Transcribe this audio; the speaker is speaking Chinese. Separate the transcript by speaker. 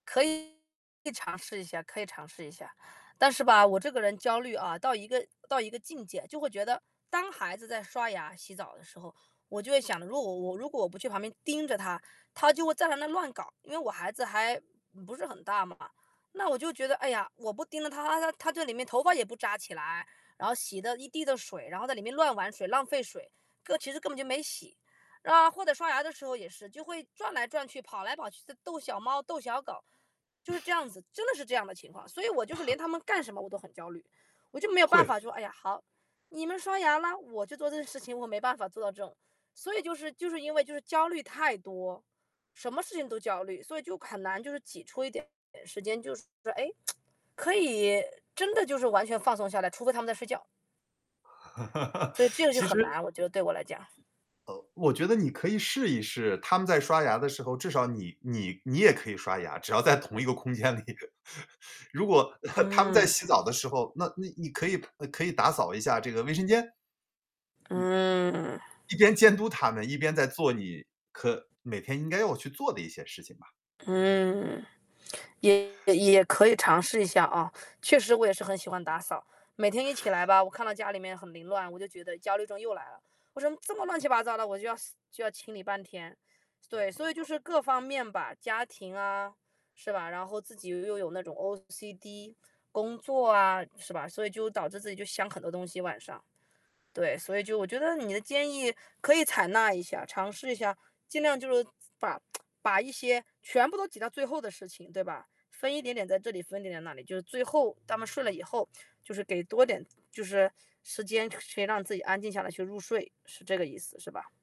Speaker 1: 可以尝试一下可以尝试一下。但是吧，我这个人焦虑啊，到一个到一个境界，就会觉得当孩子在刷牙、洗澡的时候，我就会想着，如果我如果我不去旁边盯着她，她就会在那乱搞，因为我孩子还不是很大嘛。那我就觉得，哎呀，我不盯着她，她她她在里面头发也不扎起来，然后洗得一地的水，然后在里面乱玩水，浪费水，个其实根本就没洗。啊，或者刷牙的时候，也是，就会转来转去，跑来跑去，就逗小猫、逗小狗，就是这 样子，真的是这样的情况。所以我就是连他 们干什么我都很焦虑，我就没有办
Speaker 2: 会。
Speaker 1: 法说：“哎呀，好，你们刷牙啦，我去做这件事情。”我没办法做到这种，所以就是就是因为就是焦虑太多，什么事情都焦虑，所以就很难，就是挤出一点时间，就是，诶，可以真的就是完全放松下来，除非他们在睡觉。所以这个就
Speaker 2: 其实
Speaker 1: 很难，我觉得对我来讲。
Speaker 2: 呃，我觉得你可以试一试，他们在刷牙的时候，至少你你你也可以刷牙，只要在同一个空间里。如果 他们在
Speaker 1: 嗯。
Speaker 2: 洗澡的时候，那那你可以呃，可以打扫一下这个卫生间。嗯，
Speaker 1: 嗯。
Speaker 2: 一边监督他们，一边在做你可每天应该要去做的一些事情吧。
Speaker 1: 嗯，也也可以尝试一下啊。确实我也是很喜欢打扫，每天一起来吧，我看到家里面很凌乱，我就觉得焦虑症又来了。我说：“这么乱七八糟的，”我就要就要清理半天，对，所以就是各方面吧，家庭啊，是吧？然后自己又有那种 OC D，工作啊，是吧？所以就导致自己就想很多东西，晚上。对，所以就我觉得你的建议可以采纳一下，尝试一下，尽量就是把 把一些全部都挤到最后的事情，对吧，分一点点在这里，分一点点那里，就最后他们睡了以后，就是给多点就是时间去让自己安静下来去入睡，是这个意思，是吧？